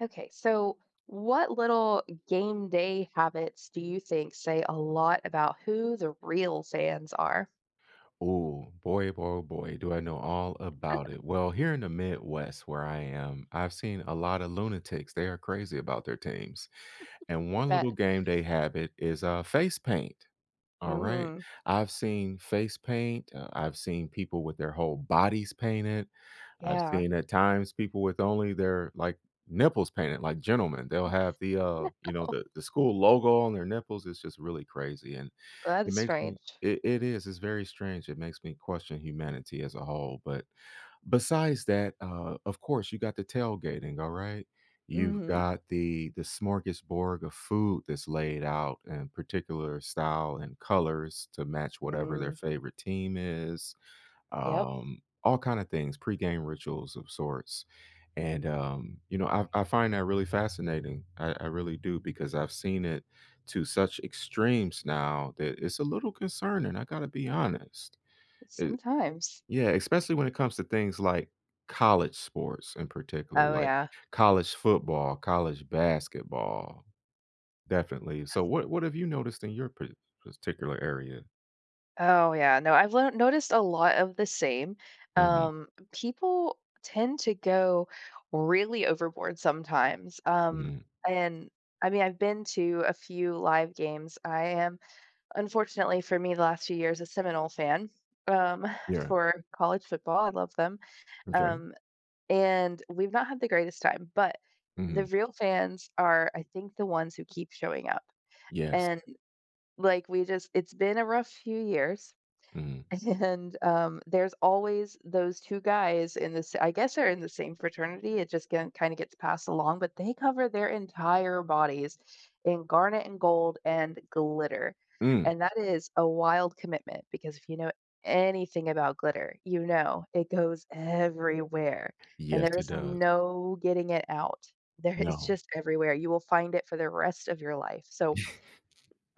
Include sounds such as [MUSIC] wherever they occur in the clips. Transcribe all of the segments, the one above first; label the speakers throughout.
Speaker 1: Okay, so, what little game day habits do you think say a lot about who the real fans are?
Speaker 2: Ooh, boy, oh, boy, oh, boy, do I know all about
Speaker 1: [CHUCKLES]
Speaker 2: it. Well, here in the Midwest where I am, I've seen a lotta lunatics; they are crazy about their teams,
Speaker 1: [CHUCKLES]
Speaker 2: and
Speaker 1: You
Speaker 2: 1
Speaker 1: bet.
Speaker 2: little game they have it is, uh, face paint, alright?
Speaker 1: Mhm.
Speaker 2: I've seen face paint, uh, I've seen people with their whole bodies painted. I've
Speaker 1: Yeah.
Speaker 2: seen at times people with only their, like, nipples painted, like gentlemen, they'll
Speaker 1: M
Speaker 2: have the,
Speaker 1: [LAUGHS]
Speaker 2: uh, you know,
Speaker 1: Oh, no.
Speaker 2: the the school logo on their nipples, it's just really crazy and
Speaker 1: That
Speaker 2: it
Speaker 1: is
Speaker 2: makes me
Speaker 1: strange.
Speaker 2: It it is, it's very strange, it makes me question humanity as a whole, but besides that, uh, of course, you got the tailgating, alright? You've
Speaker 1: Mhm.
Speaker 2: got the the smorgasbord of food that's laid out in particular style and colors to match whatever their
Speaker 1: Mm.
Speaker 2: favorite team is,
Speaker 1: Yep.
Speaker 2: um, all kinda things, pregame rituals of sorts. And, um, you know, I I find that really fascinating, I I really do because I've seen it to such extremes now that it's a little concerning, I gotta be honest. Uh
Speaker 1: Sometimes.
Speaker 2: Yeah, especially when it comes to things like college sports in particular,
Speaker 1: Oh,
Speaker 2: like
Speaker 1: yeah.
Speaker 2: college football, college basketball. Definitely. So, what what have you noticed in your par particular area?
Speaker 1: Oh, yeah, no. I've learn noticed a lot of the same,
Speaker 2: Mhm.
Speaker 1: um, people tend to go really overboard sometimes, um,
Speaker 2: Mhm.
Speaker 1: and, I mean, I've been to a few live games. I am unfortunately, for me, last few years, a Seminole fan, um,
Speaker 2: Yeah.
Speaker 1: for college football; I love them.
Speaker 2: M’kay.
Speaker 1: Um, and we've not had the greatest time, but the
Speaker 2: Mhm.
Speaker 1: real fans are, I think the ones who keep showing up.
Speaker 2: Yes.
Speaker 1: And, like, we just it's been a rough few years,
Speaker 2: Mhm.
Speaker 1: and, um, there's always those 2 guys in this I guess, they're in the same fraternity, it just ge kinda gets passed along, but they cover their entire bodies in garnet and gold and glitter.
Speaker 2: Mm.
Speaker 1: And that is a wild commitment because if you know anything about glitter, you know it goes everywhere, and
Speaker 2: Yes.
Speaker 1: there
Speaker 2: It
Speaker 1: is
Speaker 2: does.
Speaker 1: no getting it out. There it's
Speaker 2: No.
Speaker 1: just everywhere, you will find it for the rest of your life so,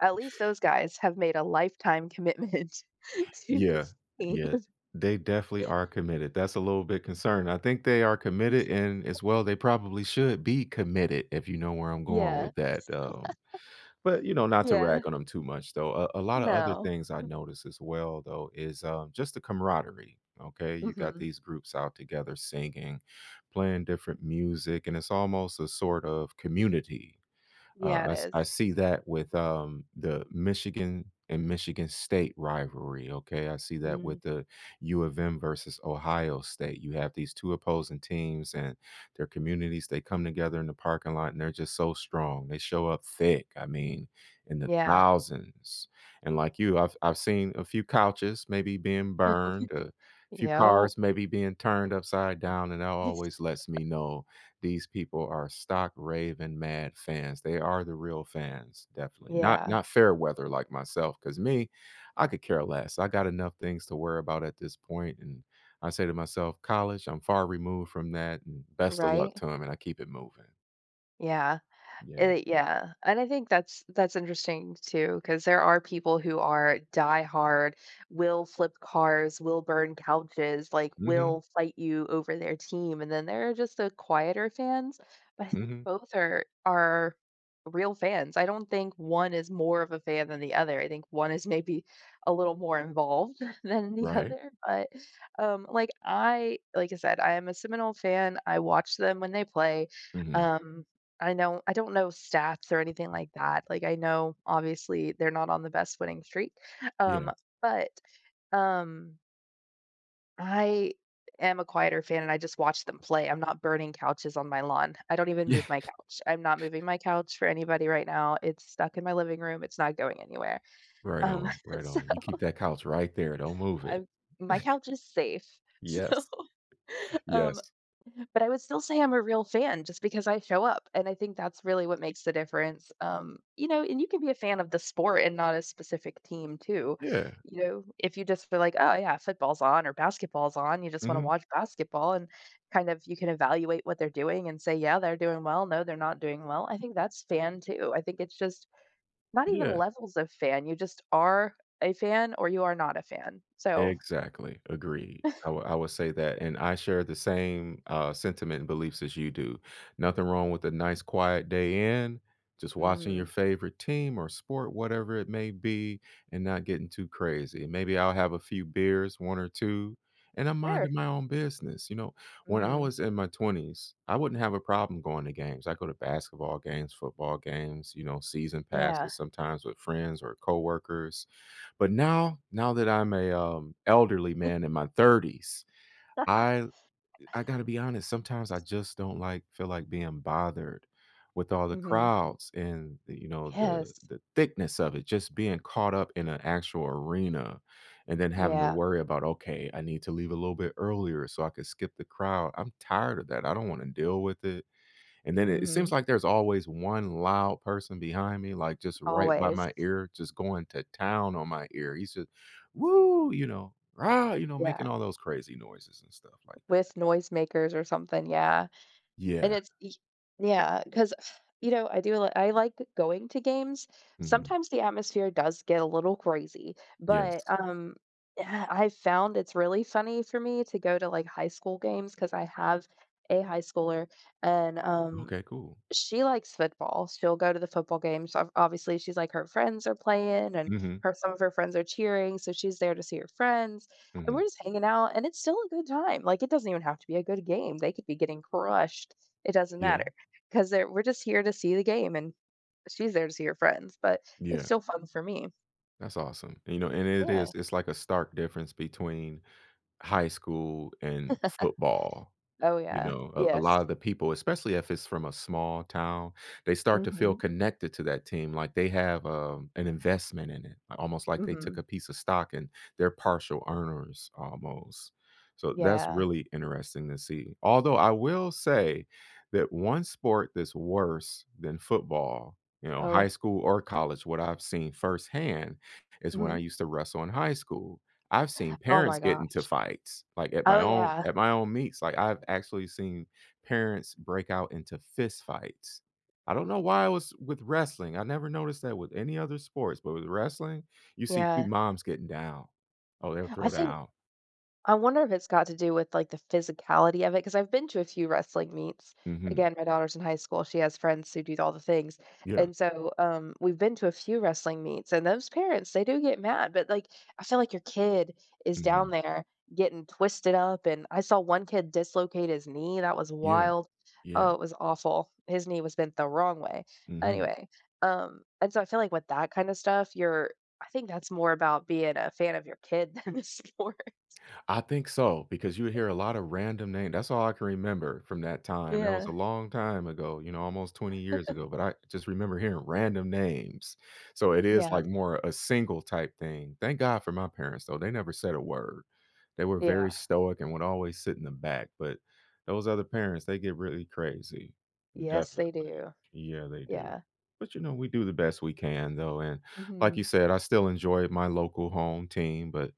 Speaker 1: at least those guys have made a lifetime commitment to
Speaker 2: Yeah,
Speaker 1: this team.
Speaker 2: yeah, they definitely
Speaker 1: [LAUGHS]
Speaker 2: are committed, that's a little bit concerning. I think they are committed, and as
Speaker 1: [LAUGHS]
Speaker 2: well, they probably should be committed if you know where I'm going
Speaker 1: Yeah.
Speaker 2: with that, um,
Speaker 1: [LAUGHS]
Speaker 2: but, you know, not to rag
Speaker 1: Yeah.
Speaker 2: on 'em too much, though. Uh, a lotta other
Speaker 1: No.
Speaker 2: things I noticed as well, though, is, uh, just the camaraderie, okay? You got
Speaker 1: Mhm.
Speaker 2: these groups out together singing, playing different music, and it's almost a sort of community. Uh,
Speaker 1: Yeah,
Speaker 2: I
Speaker 1: it
Speaker 2: s I
Speaker 1: is.
Speaker 2: see that with, um, the Michigan and Michigan State rivalry, okay? I see that
Speaker 1: Mm.
Speaker 2: with the U of M versus Ohio State, you have these two opposing teams, and their communities, they come together in the parking lot, and they're just so strong, they show up thick, I mean, in the
Speaker 1: Yeah.
Speaker 2: thousands. And like you, I've I've seen a few couches maybe being burned, uh, a
Speaker 1: [UNINTELLIGIBLE]
Speaker 2: few
Speaker 1: Yep.
Speaker 2: cars maybe being turned upside down, and that
Speaker 1: Yes.
Speaker 2: always lets
Speaker 1: [CHUCKLES]
Speaker 2: me know these people are stock raving mad fans. They are the real fans, definitely, not
Speaker 1: Yeah.
Speaker 2: not fair weather like myself 'cause me, I could care less. I got enough things to worry about at this point, and I say to myself, "College, I'm far removed from that, and best of luck
Speaker 1: Right?
Speaker 2: to 'em," and I keep it moving.
Speaker 1: Yeah, it
Speaker 2: Yeah.
Speaker 1: -it yeah. And I think that's that's interesting too, 'cause there are people who are diehard, will flip cars, will burn couches, like,
Speaker 2: Mhm.
Speaker 1: will fight you over their team, and then there are just the quieter fans. But I think
Speaker 2: Mhm.
Speaker 1: both are are real fans. I don't think 1 is more of a fan than the other, I think 1 is maybe a little more involved than the
Speaker 2: Right.
Speaker 1: other, but, um, like, I like I said, I am a Seminole fan, I watch them when they play.
Speaker 2: Mhm.
Speaker 1: Um, I know I don't know stats or anything like that. Like, I know, obviously, they're not on the best winning streak,
Speaker 2: Yeah.
Speaker 1: um, but, um I am a quieter fan, and I just watch them play, I'm not burning couches on my lawn. I don't even
Speaker 2: Yeah.
Speaker 1: move my couch. I'm not
Speaker 2: [CHUCKLES]
Speaker 1: moving my couch for anybody right now, it's stuck in my living room, it's not going anywhere.
Speaker 2: Right
Speaker 1: Um,
Speaker 2: on. Right
Speaker 1: so
Speaker 2: on. You keep that couch right there, don't move it.
Speaker 1: I've my
Speaker 2: [CHUCKLES]
Speaker 1: couch is safe, so
Speaker 2: Yes. [INHALES]
Speaker 1: um
Speaker 2: Yes.
Speaker 1: but I would still say I'm a real fan just because I show up, and I think that's really what makes the difference. Um, you know, and you can be a fan of the sport and not a specific team too.
Speaker 2: Yeah.
Speaker 1: You know, if you just feel like, "Oh, yeah, football's on or basketball's on," you just wanna
Speaker 2: Mhm.
Speaker 1: watch basketball and, kind of, you can evaluate what they're doing and say, "Yeah, they're doing well, no, they're not doing well," I think that's fan too. I think it's just not even
Speaker 2: Yeah.
Speaker 1: levels of fan, you just are a fan or you are not a fan. So
Speaker 2: Exactly. Agreed. I wi I will say that, and I share the same, uh, sentiment and beliefs as you do. Nothing wrong with a nice quiet day in, just watching your
Speaker 1: Mhm.
Speaker 2: favorite team or sport, whatever it may be, and not getting too crazy. Maybe I'll have a few beers, 1 or 2, and I'm
Speaker 1: Sure.
Speaker 2: minding my own business, you know? When I
Speaker 1: Mhm.
Speaker 2: was in my 20s, I wouldn't have a problem going to games. I'd go to basketball games, football games, you know, season
Speaker 1: Yeah.
Speaker 2: passes sometimes with friends or coworkers, but now now that I'm a, um, elderly
Speaker 1: [CHUCKLES]
Speaker 2: man in my 30s,
Speaker 1: [LAUGHS]
Speaker 2: I've I gotta be honest, sometimes I just don't, like, feel like being bothered with all the
Speaker 1: Mhm.
Speaker 2: crowds and the you know, the
Speaker 1: Yes.
Speaker 2: the thickness of it, just being caught up in an actual arena and then having to
Speaker 1: Yeah.
Speaker 2: worry about, "Okay, I need to leave a little bit earlier so I could skip the crowd." I'm tired of that, I don't wanna deal with it. And then it it seems
Speaker 1: Mhm.
Speaker 2: like there's always 1 loud person behind me, like, just right by
Speaker 1: Always.
Speaker 2: my ear just going to town on my ear, he said, "Woo!" you know, "Rah!" you know, making
Speaker 1: Yeah.
Speaker 2: all those crazy noises and stuff like that.
Speaker 1: With noisemakers or something, yeah. And
Speaker 2: Yeah.
Speaker 1: it's e Yeah, 'cause [SIGHS] you know, I do li I like going to games,
Speaker 2: Mhm.
Speaker 1: sometimes the atmosphere does get a little crazy, but,
Speaker 2: Yes.
Speaker 1: um, uh, I found it's really funny for me to go to, like, high school games 'cause I have a high schooler, and, um,
Speaker 2: Okay, cool.
Speaker 1: she likes football. She'll go to the football games, obv obviously, she's like, her friends are playing, and
Speaker 2: Mhm.
Speaker 1: her some of her friends are cheering, so she's there to see her friends, and we're
Speaker 2: Mhm.
Speaker 1: just hanging out, and it's still a good time, like, it doesn't even have to be a good game, they could be getting crushed. It doesn't
Speaker 2: Yeah.
Speaker 1: matter 'cause they're we're just here to see the game, and she's there to see her friends, but it's
Speaker 2: Yeah.
Speaker 1: still fun for me.
Speaker 2: That's awesome. You know, and it
Speaker 1: Yeah.
Speaker 2: is it's like a stark difference between high school and football,
Speaker 1: [CHUCKLES] Oh
Speaker 2: you
Speaker 1: yeah,
Speaker 2: know? A a
Speaker 1: yes.
Speaker 2: lotta the people, especially if it's from a small town, they start to feel
Speaker 1: Mhm.
Speaker 2: connected to that team, like, they have, um, an investment in it, almost like they took
Speaker 1: Mhm.
Speaker 2: a piece of stock and they're partial earners almost. So that's
Speaker 1: Yeah.
Speaker 2: really interesting to see. Although I will say that 1 sport that's worse than football, you know, high
Speaker 1: Oh.
Speaker 2: school or college, what I've seen firsthand, is when I
Speaker 1: Mhm.
Speaker 2: used to wrestle in high school. I've seen
Speaker 1: [GASPS] Oh my
Speaker 2: parents get
Speaker 1: gosh.
Speaker 2: into fights, like, at my
Speaker 1: Oh,
Speaker 2: own
Speaker 1: yeah.
Speaker 2: at my own meets. Like, I've actually seen parents break out into fist fights. I don't know why it was with wrestling, I never noticed that with any other sports, but with wrestling, you see pe
Speaker 1: Yeah.
Speaker 2: moms getting down. Oh, they'll
Speaker 1: I
Speaker 2: throw
Speaker 1: think
Speaker 2: down.
Speaker 1: I wonder if it's got to do with, like, the physicality of it, 'cause I've been to a few wrestling meets.
Speaker 2: Mhm.
Speaker 1: Again, my daughter's in high school, she has friends who do all the things.
Speaker 2: Yeah.
Speaker 1: And so, um, we've been to a few wrestling meets, and those parents, they do get mad, but, like I feel like your kid is down
Speaker 2: Mhm.
Speaker 1: there getting twisted up, and I saw one kid dislocate his knee, and that was
Speaker 2: Yeah.
Speaker 1: wild. Oh,
Speaker 2: Yeah.
Speaker 1: it was awful. His knee was bent the wrong way.
Speaker 2: Mhm.
Speaker 1: Anyway, um, and so I feel like with that kinda stuff, you're I think that's more about being a fan of your kid than a sport.
Speaker 2: I think so, because you hear a lotta random name That's all I can remember from that time. That was a
Speaker 1: Yeah.
Speaker 2: long time ago, you know, almost 20 years
Speaker 1: [CHUCKLES]
Speaker 2: ago, but I just remember hearing random names. So, it is,
Speaker 1: Yeah.
Speaker 2: like, more a single type thing. Thank god for my parents, though, they never said a word. They were
Speaker 1: Yeah.
Speaker 2: very stoic and would always sit in the back, but those other parents, they get really crazy.
Speaker 1: Yes, they
Speaker 2: Definitely.
Speaker 1: do.
Speaker 2: Yeah, they do.
Speaker 1: Yeah.
Speaker 2: But, you know, we do the best we can, though, and like you
Speaker 1: Mhm.
Speaker 2: said, I still enjoy my local home team, but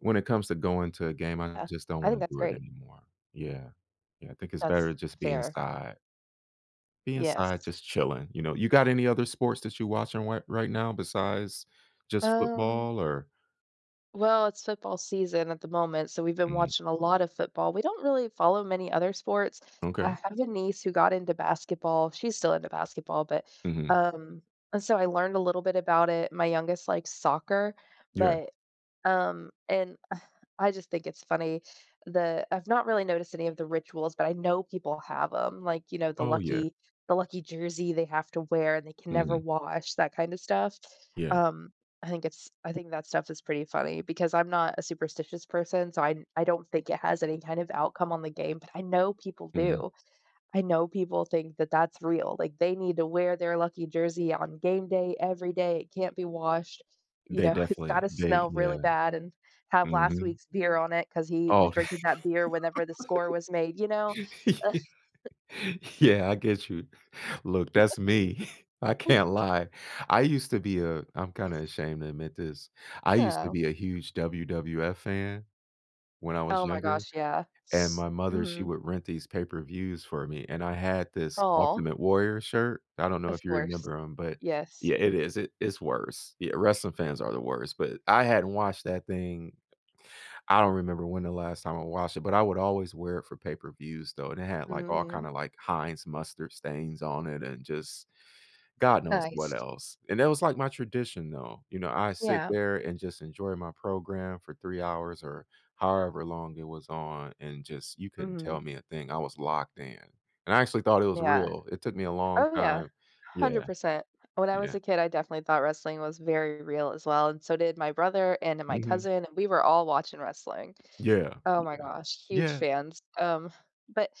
Speaker 2: when it comes to going to a game, I
Speaker 1: Uh
Speaker 2: just don't
Speaker 1: I
Speaker 2: wanna
Speaker 1: think that's
Speaker 2: do it
Speaker 1: great.
Speaker 2: anymore. Yeah. Yeah, I think it's
Speaker 1: That's
Speaker 2: better just being
Speaker 1: fair.
Speaker 2: inside. Be
Speaker 1: Yes.
Speaker 2: inside just chilling, you know? You got any other sports that you're watching white right now besides just
Speaker 1: Um
Speaker 2: football or
Speaker 1: Well, it's football season at the moment, so we've been
Speaker 2: Mhm.
Speaker 1: watching a lot of football. We don't really follow many other sports. I
Speaker 2: Okay.
Speaker 1: have a niece who got into basketball. She's still into basketball, but
Speaker 2: Mhm.
Speaker 1: um, and so I learned a little bit about it. My youngest likes soccer,
Speaker 2: Yeah.
Speaker 1: but um, and [SCOFFS] I just think it's funny. The I've not really noticed any of the rituals but I know people have ‘em. Like, you know, the
Speaker 2: Oh, yeah.
Speaker 1: lucky the lucky jersey they have to wear and they can never
Speaker 2: Mhm.
Speaker 1: wash, that kinda stuff.
Speaker 2: Yeah.
Speaker 1: Um, I think it's I think that stuff is pretty funny because I'm not a superstitious person so I n I don't think it has any kind of outcome on the game but I know people
Speaker 2: Mhm.
Speaker 1: do. I know people think that that's real. Like, they need to wear their lucky jersey on game day every day. It can't be washed. You
Speaker 2: They
Speaker 1: know, it's
Speaker 2: definitely
Speaker 1: gotta
Speaker 2: they
Speaker 1: smell
Speaker 2: Yeah.
Speaker 1: really bad and have last
Speaker 2: Mhm.
Speaker 1: week's beer on it 'cause he was
Speaker 2: Oh,
Speaker 1: drinking that beer whenever the score was made, you
Speaker 2: [LAUGHS]
Speaker 1: know?
Speaker 2: yeah
Speaker 1: [CHUCKLES]
Speaker 2: yeah. I get you. Look. That's me. [CHUCKLES]
Speaker 1: [CHUCKLES]
Speaker 2: I can't lie. I
Speaker 1: [CHUCKLES]
Speaker 2: used to be uh, I'm kinda ashamed to admit this. I used to
Speaker 1: Oh.
Speaker 2: be a huge WWF fan when I was
Speaker 1: Oh my
Speaker 2: younger,
Speaker 1: gosh, yeah.
Speaker 2: and
Speaker 1: S
Speaker 2: my mother, she
Speaker 1: Mhm.
Speaker 2: would rent these pay-per-views for me and I had this
Speaker 1: Aw.
Speaker 2: Ultimate Warrior shirt. I don't know
Speaker 1: Of
Speaker 2: if you
Speaker 1: course.
Speaker 2: remember 'em, but
Speaker 1: Yes.
Speaker 2: Yeah. It is, i it's worse. Yeah, wrestling fans are the worst, but I hadn't watched that thing I don't remember when the last time I watched it but I would always wear it for pay-per-views, though, and it had, like, all
Speaker 1: Mhm.
Speaker 2: kinda, like, Heinz mustard stains on it and just god knows what
Speaker 1: Nice.
Speaker 2: else. And that was like my tradition, though. You know, I sit
Speaker 1: Yeah.
Speaker 2: there and just enjoy my program for 3 hours or however long it was on and just you couldn't
Speaker 1: Mm.
Speaker 2: tell me a thing. I was locked in. And I actually thought it was
Speaker 1: Yeah.
Speaker 2: real. It took me a long
Speaker 1: Oh, yeah,
Speaker 2: time
Speaker 1: hundred
Speaker 2: Yeah.
Speaker 1: percent. When I was
Speaker 2: Yeah.
Speaker 1: a kid I definitely thought wrestling was very real as well, and so did my brother and my
Speaker 2: Mhm.
Speaker 1: cousin, and we were all watching wrestling.
Speaker 2: Yeah.
Speaker 1: Oh my
Speaker 2: Yeah.
Speaker 1: gosh, huge
Speaker 2: Yeah.
Speaker 1: fans, um, but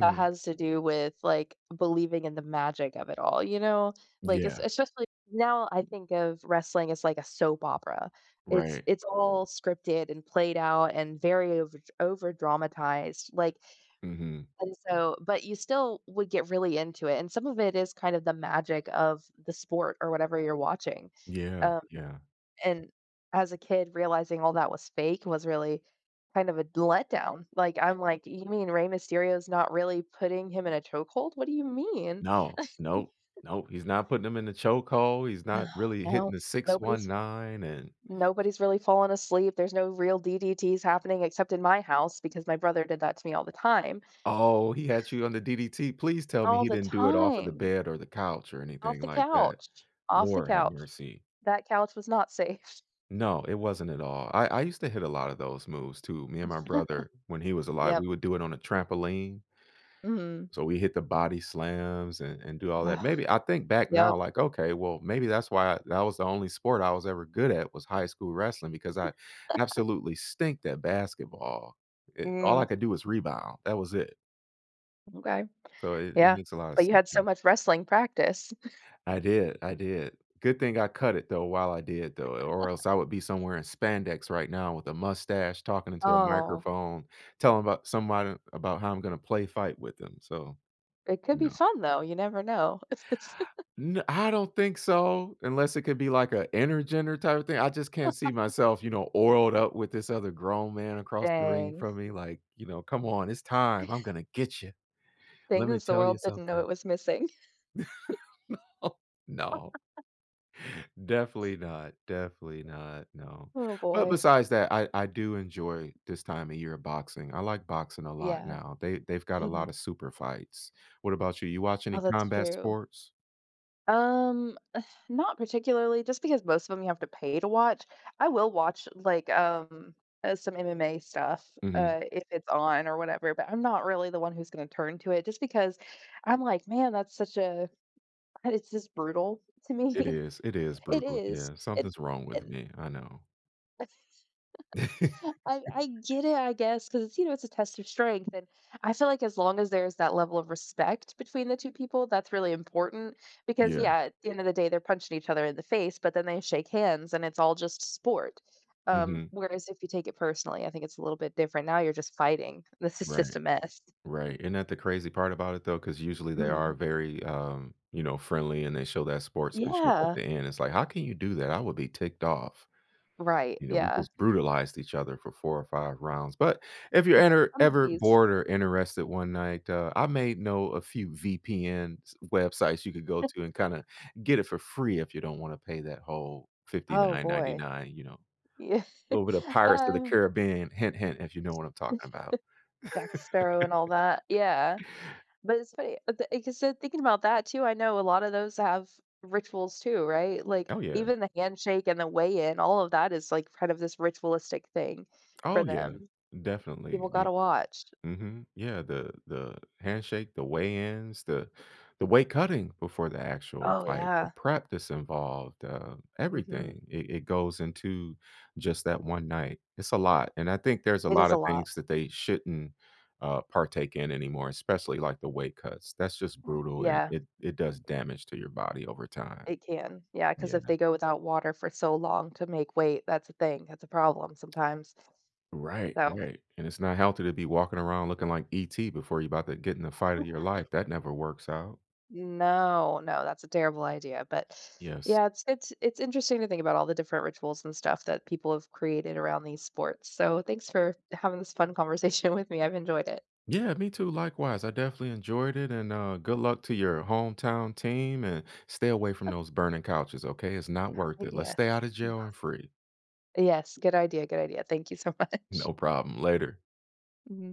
Speaker 1: that has to do with, like, believing in the magic of it all, you know? Like, it's
Speaker 2: Yeah.
Speaker 1: it's just, like, now, I think of wrestling as, like, a soap opera. It's
Speaker 2: Right.
Speaker 1: it's all scripted and played out and very overdr overdramatized. Like
Speaker 2: Mhm.
Speaker 1: and so but you still would get really into it, and some of it is kind of the magic of the sport or whatever you're watching,
Speaker 2: Yeah.
Speaker 1: um,
Speaker 2: Yeah.
Speaker 1: and as a kid, realizing all that was fake was really kind of a d letdown. Like, I'm like, "You mean Rey Mysterio is not really putting him in a choke hold? What do you mean?"
Speaker 2: No. No,
Speaker 1: [CHUCKLES]
Speaker 2: no, he's not putting them in the choke hold, he's
Speaker 1: No.
Speaker 2: not really hitting
Speaker 1: No
Speaker 2: the six one
Speaker 1: nobody's
Speaker 2: nine and
Speaker 1: nobody's really falling asleep, there's no real DDTs happening except in my house because my brother did that to me all the time.
Speaker 2: Oh, he had you on the DDT. Please tell me
Speaker 1: All
Speaker 2: he
Speaker 1: the
Speaker 2: didn't do it off of the
Speaker 1: time.
Speaker 2: bed or the couch or
Speaker 1: Off
Speaker 2: anything
Speaker 1: the
Speaker 2: like that.
Speaker 1: couch. Off the
Speaker 2: Lord, have
Speaker 1: couch.
Speaker 2: mercy.
Speaker 1: That couch was not safe.
Speaker 2: No, it wasn't at all. I I used to hit a lot of those moves too. Me and my brother- when he
Speaker 1: [CHUCKLES]
Speaker 2: was alive,
Speaker 1: Yep.
Speaker 2: we would do it on a trampoline
Speaker 1: Mhm.
Speaker 2: so we hit the body slams and and do all
Speaker 1: Well.
Speaker 2: that. Maybe I think back now,
Speaker 1: Yep.
Speaker 2: like, okay, well, maybe that's why that was the only sport I was ever good at was high school wrestling because I
Speaker 1: [CHUCKLES]
Speaker 2: absolutely stink at basketball. Eh, all I
Speaker 1: Mm.
Speaker 2: could do was rebound. That was it.
Speaker 1: Okay.
Speaker 2: So, it it
Speaker 1: Yeah,
Speaker 2: makes a lot of
Speaker 1: but you
Speaker 2: sense
Speaker 1: had so
Speaker 2: now.
Speaker 1: much wrestling practice. [CHUCKLES]
Speaker 2: I did, I did, good thing I cut it, though, while I did, though, or else
Speaker 1: [CHUCKLES]
Speaker 2: I would be somewhere in spandex right now with a mustache, talking into a
Speaker 1: Oh.
Speaker 2: microphone, telling about somebody about how I'm gonna play fight with them, so
Speaker 1: It could be
Speaker 2: no.
Speaker 1: fun, though, you never know. [CHUCKLES]
Speaker 2: N I don't think so, unless it could be, like, a intergender, type of thing? I just can't see
Speaker 1: [LAUGHS]
Speaker 2: myself, you know, oiled up with this other grown man across the ring
Speaker 1: Dang.
Speaker 2: from me, like, you know, "Come on, it's time, I'm
Speaker 1: [CHUCKLES]
Speaker 2: gonna get ya. Let me
Speaker 1: Things the
Speaker 2: tell you
Speaker 1: world didn't
Speaker 2: something."
Speaker 1: know it was missing. [CHUCKLES]
Speaker 2: [LAUGHS] No, no.
Speaker 1: [LAUGHS]
Speaker 2: Definitely not, definitely not no,
Speaker 1: Oh,
Speaker 2: but
Speaker 1: boy.
Speaker 2: besides that, I I do enjoy this time of year, of boxing I like boxing a lot
Speaker 1: Yeah.
Speaker 2: now, they they've got a lotta
Speaker 1: Mhm.
Speaker 2: super fights. What about you? You watch any
Speaker 1: Oh, that's
Speaker 2: combat
Speaker 1: true.
Speaker 2: sports?
Speaker 1: Um, [SIGHS] not particularly, just because most of 'em you have to pay to watch, I will watch, like, um uh, some MMA stuff,
Speaker 2: Mhm.
Speaker 1: uh, if it's on, or whatever, but I'm not really the one who's gonna turn to it, just because I'm like, "Man, that's such a" it's just brutal to
Speaker 2: It
Speaker 1: me.
Speaker 2: is, it is
Speaker 1: It
Speaker 2: brutal,
Speaker 1: is,
Speaker 2: yeah,
Speaker 1: and
Speaker 2: something's wrong with
Speaker 1: and
Speaker 2: me, I know.
Speaker 1: [CHUCKLES] I
Speaker 2: [LAUGHS]
Speaker 1: I get it, I guess, 'cause it's, you know, it's a test of strength, and I feel like as long as there's that level of respect between the 2 people, that's really important, because
Speaker 2: Yeah.
Speaker 1: yeah, at the end of the day, they're punching each other in the face, but then they shake hands, and it's all just s sport. Um,
Speaker 2: Mhm.
Speaker 1: whereas, if you take it personally, I think it's a little bit different, now you're just fighting, this is just
Speaker 2: Right.
Speaker 1: a mess. [CHUCKLES]
Speaker 2: Right, ain't that the crazy part about it, though? 'Cause usually they are
Speaker 1: Mhm.
Speaker 2: very, um, you know, friendly, and they show that sportsmanship at
Speaker 1: Yeah.
Speaker 2: the end, it's like, "How can you do that?" I would be ticked off.
Speaker 1: Right,
Speaker 2: You know? We
Speaker 1: yeah.
Speaker 2: just brutalized each other for 4 or 5 rounds, but, if you're
Speaker 1: [CHUCKLES]
Speaker 2: ener
Speaker 1: Some of
Speaker 2: ever
Speaker 1: these.
Speaker 2: bored, or interested, one night, uh, I may know a few VPN s websites you could go to and, kinda
Speaker 1: [LAUGHS]
Speaker 2: get it for free if you don't wanna pay that whole fifty
Speaker 1: Oh,
Speaker 2: nine ninety
Speaker 1: boy.
Speaker 2: nine, you know.
Speaker 1: Yea [CHUCKLES]
Speaker 2: Little bit of Pirates of the
Speaker 1: um
Speaker 2: Caribbean, hint hint, if you know what I'm talking
Speaker 1: [CHUCKLES]
Speaker 2: about.
Speaker 1: Jack Sparrow and all that
Speaker 2: [LAUGHS]
Speaker 1: yeah. But, it's funny but, the like I said, thinking about that, too, I know a lotta those have rituals too, right? Like,
Speaker 2: Oh, yeah.
Speaker 1: even the handshake, and the weigh-in, all of that is, like, part of this ritualistic thing, for
Speaker 2: Oh, yeah,
Speaker 1: them.
Speaker 2: definitely,
Speaker 1: People
Speaker 2: the
Speaker 1: gotta watch.
Speaker 2: mhm, yeah, the the handshake, the weigh-ins, the the weight cutting before the actual
Speaker 1: Oh,
Speaker 2: fight, the
Speaker 1: yeah.
Speaker 2: prep that's involved, um,
Speaker 1: Mhm.
Speaker 2: everything, it it goes into just that one night, it's a lot, and I think there's a
Speaker 1: It is a
Speaker 2: lotta
Speaker 1: lot.
Speaker 2: things that they shouldn't, uh, partake in anymore, especially, like, the weight cuts, that's just
Speaker 1: [SIGHS]
Speaker 2: brutal, and
Speaker 1: Yeah.
Speaker 2: it it does damage to your body over time.
Speaker 1: It can yeah, 'cause
Speaker 2: Yeah.
Speaker 1: if they go without water for so long, to make weight that's a thing, that's a problem sometimes.
Speaker 2: Right,
Speaker 1: So
Speaker 2: right, and it's not healthy to be walking around looking like ET before you 'bout to get in the fight of your
Speaker 1: [CHUCKLES]
Speaker 2: life, that never works out.
Speaker 1: No, no, that's a terrible idea, but
Speaker 2: Yes.
Speaker 1: yeah, it's it's it's interesting to think about all the different rituals, and stuff, that people have created around these sports, so thanks for having this fun conversation with me, I've enjoyed it.
Speaker 2: Yeah, me, too, likewise, I definitely enjoyed it, and, uh, good luck to your hometown team, and stay away from
Speaker 1: [CHUCKLES]
Speaker 2: those burning couches, okay? It's not worth
Speaker 1: Y
Speaker 2: it, let's
Speaker 1: yeah.
Speaker 2: stay outta
Speaker 1: N
Speaker 2: jail, and free.
Speaker 1: Yes, good idea, good idea, thank you so much.
Speaker 2: No problem, later.
Speaker 1: Mhm.